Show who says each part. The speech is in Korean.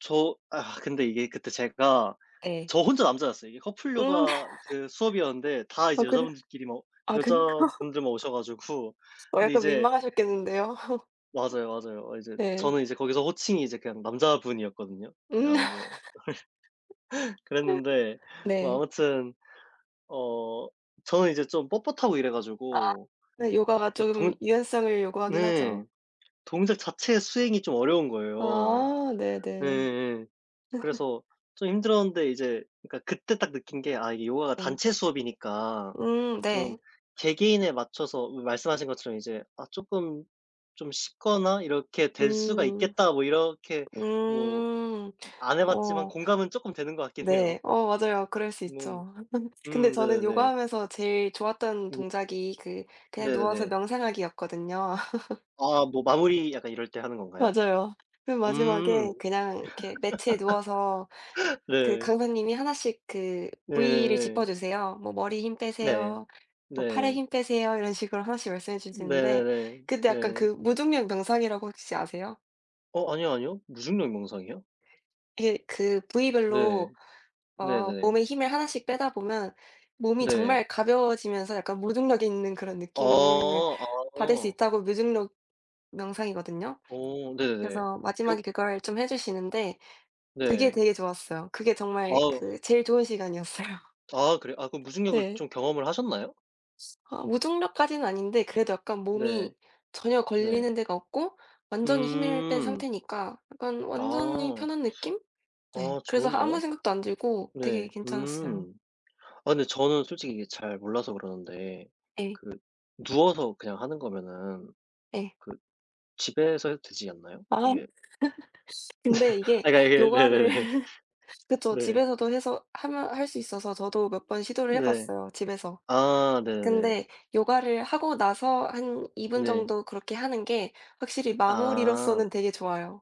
Speaker 1: 저, 아 근데 이게 그때 제가
Speaker 2: 네.
Speaker 1: 저 혼자 남자였어요. 이게 커플
Speaker 2: 음.
Speaker 1: 요가 그 수업이었는데 다
Speaker 2: 아,
Speaker 1: 이제
Speaker 2: 그래?
Speaker 1: 여자분들끼리 뭐
Speaker 2: 아 그니
Speaker 1: 여자분들만 오셔 가지고
Speaker 2: 어,
Speaker 1: 근데
Speaker 2: 약간
Speaker 1: 이제
Speaker 2: 민망하셨겠는데요.
Speaker 1: 맞아요, 맞아요. 이제
Speaker 2: 네.
Speaker 1: 저는 이제 거기서 호칭이 이제 그냥 남자분이었거든요.
Speaker 2: 음.
Speaker 1: 그냥 뭐 그랬는데 뭐
Speaker 2: 네.
Speaker 1: 아무튼 어 저는 이제 좀 뻣뻣하고 이래
Speaker 2: 아,
Speaker 1: 가지고
Speaker 2: 네 요가가
Speaker 1: 그
Speaker 2: 조금
Speaker 1: 동
Speaker 2: 유연성을 요구하긴 하죠.
Speaker 1: 네 동작 자체 수행이 좀 어려운 거예요
Speaker 2: 아, 네네 네.
Speaker 1: 예예예. 그래서 좀 힘들었는데 이제 그니까 그때 딱 느낀 게 아 이게 요가가
Speaker 2: 네.
Speaker 1: 단체 수업이니까
Speaker 2: 음
Speaker 1: 좀
Speaker 2: 네.
Speaker 1: 개개인에 맞춰서 마 말씀하신 것처럼 이제 아 쪼끔 좀 쉽거나 이렇게 될 수가
Speaker 2: 음
Speaker 1: 있겠다 뭐 이렇게 뭐
Speaker 2: 음
Speaker 1: 안 해봤지만
Speaker 2: 어.
Speaker 1: 공감은 쪼끔 되는 것 같긴 해요.
Speaker 2: 네 어 맞아요. 그럴 수
Speaker 1: 네
Speaker 2: 있죠. 근데
Speaker 1: 음
Speaker 2: 저는
Speaker 1: 네네네.
Speaker 2: 요가하면서 제일 좋았던
Speaker 1: 음.
Speaker 2: 동작이 그 그냥 누워서
Speaker 1: 네네네.
Speaker 2: 명상하기였거든요.
Speaker 1: 아 뭐 마무리 약간 이럴 때 하는 건가요?
Speaker 2: 맞아요. 맨
Speaker 1: 음
Speaker 2: 마지막에 그냥 이렇게 매트에 누워서 그
Speaker 1: 네.
Speaker 2: 강사님이 하나씩 그 부위를
Speaker 1: 네네네.
Speaker 2: 짚어 주세요. 뭐 "머리에 힘
Speaker 1: 네
Speaker 2: 빼세요. 뭐 팔에
Speaker 1: 네.
Speaker 2: 힘 빼세요." 이런 식으로 하나씩 말씀해 주시는데
Speaker 1: 네네네
Speaker 2: 근데 약간
Speaker 1: 네.
Speaker 2: 그 무중력 명상이라고 혹시 아세요?
Speaker 1: 어 아니요, 아니요. 무중력 명상이요?
Speaker 2: 이게 그
Speaker 1: 네
Speaker 2: 부위별로 어
Speaker 1: 네네.
Speaker 2: 몸에 힘을 하나씩 빼다 보면 몸이
Speaker 1: 네.
Speaker 2: 정말 가벼워지면서 약간 무중력 있는 그런
Speaker 1: 어
Speaker 2: 느낌을 받을 수
Speaker 1: 어. 음.
Speaker 2: 있다고 무중력 명상이거든요.
Speaker 1: 어 네네네
Speaker 2: 그래서
Speaker 1: 겨
Speaker 2: 마지막에 그걸 좀 해 주시는데 그게
Speaker 1: 네.
Speaker 2: 되게 좋았어요. 그게 정말
Speaker 1: 어우.
Speaker 2: 그 제일 좋은 시간이었어요.
Speaker 1: 아, 그래요. 아 그럼 무중력을
Speaker 2: 네.
Speaker 1: 좀 경험을 하셨나요?
Speaker 2: 아, 무중력까지는 아닌데 그래도 약간
Speaker 1: 네
Speaker 2: 몸이 전혀
Speaker 1: 네.
Speaker 2: 걸리는 데가 없고 완전히 힘을 뺀
Speaker 1: 음.
Speaker 2: 상태니까 약간 완전히
Speaker 1: 아.
Speaker 2: 편한 느낌? 네,
Speaker 1: 어,
Speaker 2: 그래서 아 아무
Speaker 1: 좋은데요.
Speaker 2: 생각도 안 들고
Speaker 1: 네,
Speaker 2: 되게 괜찮았어요.
Speaker 1: 음 아 근데 저는 솔직히 잘 몰라서 그러는데
Speaker 2: 네.
Speaker 1: 그 누워서 그냥 하는 거면은
Speaker 2: 네.
Speaker 1: 그 집에서 해도 되지 않나요?
Speaker 2: 아,
Speaker 1: 이게?
Speaker 2: 근데 이게
Speaker 1: 아, 그니까 이게
Speaker 2: 요가를
Speaker 1: 네네네
Speaker 2: 그렇죠
Speaker 1: 네.
Speaker 2: 집에서도 해서 하면 할 수 있어서 저도 몇 번 시도를 해
Speaker 1: 네
Speaker 2: 봤어요 집에서.
Speaker 1: 아 네네네.
Speaker 2: 근데 요가를 하고 나서 한 2
Speaker 1: 네.
Speaker 2: 정도 그렇게 하는 게 확실히
Speaker 1: 아.
Speaker 2: 마무리로서는 되게 좋아요.